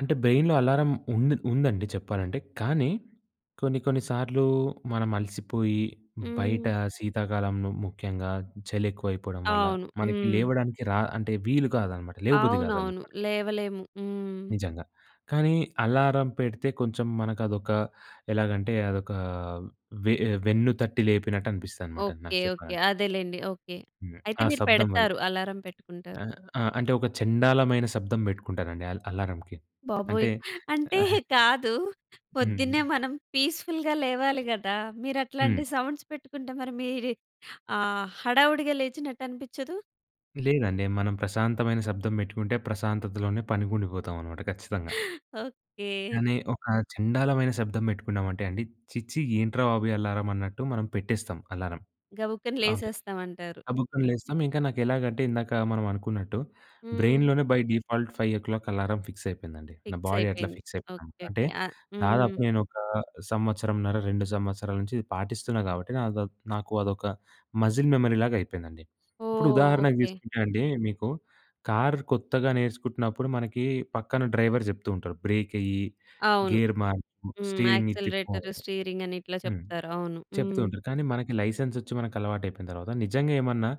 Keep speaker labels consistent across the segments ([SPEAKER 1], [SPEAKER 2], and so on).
[SPEAKER 1] అంటే బ్రెయిన్‌లో అలారం ఉందిన్ ఉందండి చెప్పాలంటే, కానీ కొన్ని కొన్ని సార్లూ మనం అలసిపోయి, బయటా
[SPEAKER 2] హ్మ్.
[SPEAKER 1] శీతాకాలంలో ముఖ్యంగా చలెక్కువయిపోవడం వల్ల,
[SPEAKER 2] అవును.
[SPEAKER 1] మనకి
[SPEAKER 2] హ్మ్.
[SPEAKER 1] లేవడానికి రా అంటే, వీలు కాదనమాట. లేవబుద్ధి
[SPEAKER 2] అవునవును.
[SPEAKER 1] గాదనమాట.
[SPEAKER 2] లేవలేము. హ్మ్.
[SPEAKER 1] నిజంగా. కానీ అలారం పెడితే కొంచం మనకదొకా, ఎలాగంటే, అదొకా వే ఆహ్, వెన్ను తట్టి లేపినట్టు అనిపిస్తుందనమాట నాకు
[SPEAKER 2] ఓకే. ఓకే.
[SPEAKER 1] చెప్పాలంటే.
[SPEAKER 2] అదేలెండి. ఓకే.
[SPEAKER 1] హ్మ్.
[SPEAKER 2] అయితే
[SPEAKER 1] ఆ
[SPEAKER 2] మీరు
[SPEAKER 1] శబ్దం వల్ల.
[SPEAKER 2] పెడతారు. అలారం పెట్టుకుంటారు.
[SPEAKER 1] ఆ! ఆ! అంటే, ఒక చెండాలమైన శబ్దం బెట్టుకుంటానండి అల్ అలారంకి. అంటే
[SPEAKER 2] బాబోయ్! అంటే, కాదు, పొద్దున్నే
[SPEAKER 1] హ్మ్.
[SPEAKER 2] మనం పీస్‌ఫుల్‌గా లేవాలి గదా!
[SPEAKER 1] హ్మ్.
[SPEAKER 2] మీరట్లాంటి సౌండ్స్ పెట్టుకుంటే, మరి మీరీ ఆహ్, హడావుడిగా లేచినట్టనిపిచ్చదు?
[SPEAKER 1] లేదండి. మనం ప్రశాంతమైన శబ్దం పెట్టుకుంటే ప్రశాంతతలోనే పనికుండిపోతామనమాట ఖచ్చితంగా.
[SPEAKER 2] ఓకే.
[SPEAKER 1] కానీ ఒక చెండాలమైన శబ్దం పెట్టుకున్నామంటే అండి, ఛీ! ఛీ! ఏంట్రా బాబు ఈ అలారం అన్నట్టు మనం పెట్టేస్తాం అలారం
[SPEAKER 2] గబుక్కన
[SPEAKER 1] అవి.
[SPEAKER 2] లేసేస్తావంటారు.
[SPEAKER 1] గబుక్కన లేస్తాం ఇంక నాకెలాగంటే, ఇందాక మనవనుకున్నట్టు,
[SPEAKER 2] హ్మ్.
[SPEAKER 1] బ్రెయిన్‌లోనే బై డిఫాల్ట్ 5:00 అలారం ఫిక్సయిపోయిందండి. నా బాడీ అట్లా
[SPEAKER 2] ఫిక్సయిపోయింది.
[SPEAKER 1] ఫిక్సయిపోయింది.
[SPEAKER 2] ఓకే.
[SPEAKER 1] అంటే,
[SPEAKER 2] ఓకే. ఆహ్
[SPEAKER 1] దాదాపు
[SPEAKER 2] హ్మ్.
[SPEAKER 1] నేను ఒక సంవత్సరంన్నర, 2 సంవత్సరాల నించి ఇది పాటిస్తున్నా గాబట్టి, నాదో నాకు అదొక మజిల్ మెమరీలాగయిపోయిందండి. ఇప్పుడు
[SPEAKER 2] ఓహ్!
[SPEAKER 1] ఉదాహరణకి
[SPEAKER 2] ఓకే.
[SPEAKER 1] తీసుకుంటే అండీ, మీకు కార్ కొత్తగా నేర్చుకుంటున్నప్పుడు, మనకీ పక్కన డ్రైవర్ జెప్తూ ఉంటరు, బ్రేకెయ్యి,
[SPEAKER 2] అవును.
[SPEAKER 1] గేర్ మార్చు,
[SPEAKER 2] హ్మ్.
[SPEAKER 1] స్టీరింగిటు తిప్పు
[SPEAKER 2] యాక్సలరేటరు,
[SPEAKER 1] అని
[SPEAKER 2] స్టీరింగ‌ని ఇట్లా
[SPEAKER 1] హ్మ్.
[SPEAKER 2] చెప్తారు. అవును. హ్మ్.
[SPEAKER 1] చెప్తూంటరు, కానీ మనకి లైసెన్సొచ్చి మనకలవాటయిపోయిన తరవాత, నిజంగ ఏమన్నా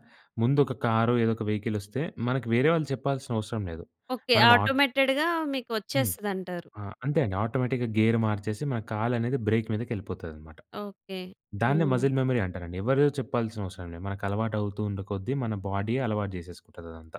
[SPEAKER 1] ముందొక కారో, ఏదొక వెహికలొస్తే, మనకి వేరే వాళ్ళు చెప్పాల్సిన అవసరం లేదు.
[SPEAKER 2] ఓకే.
[SPEAKER 1] మనం ఆట్
[SPEAKER 2] ఆటోమేటెడ్‌గా
[SPEAKER 1] హ్మ్.
[SPEAKER 2] మీకొచ్చేస్తదంటారు.
[SPEAKER 1] ఆ! అంతే అండి. ఆటోమేటిక్‌గా గేర్ మార్చేసి, మన కాలనేది బ్రేక్ మీదకెళ్ళిపోతాదనమాట.
[SPEAKER 2] ఓకే.
[SPEAKER 1] దాన్నే
[SPEAKER 2] హ్మ్.
[SPEAKER 1] మజిల్ మెమరీ అంటారండి. ఎవరో చెప్పాల్సిన అవసరం లేదు, మనకలవాటవుతూ ఉండే కొద్దీ, మన బాడీయే అలవాటు చేసేసుకుంటదదంతా.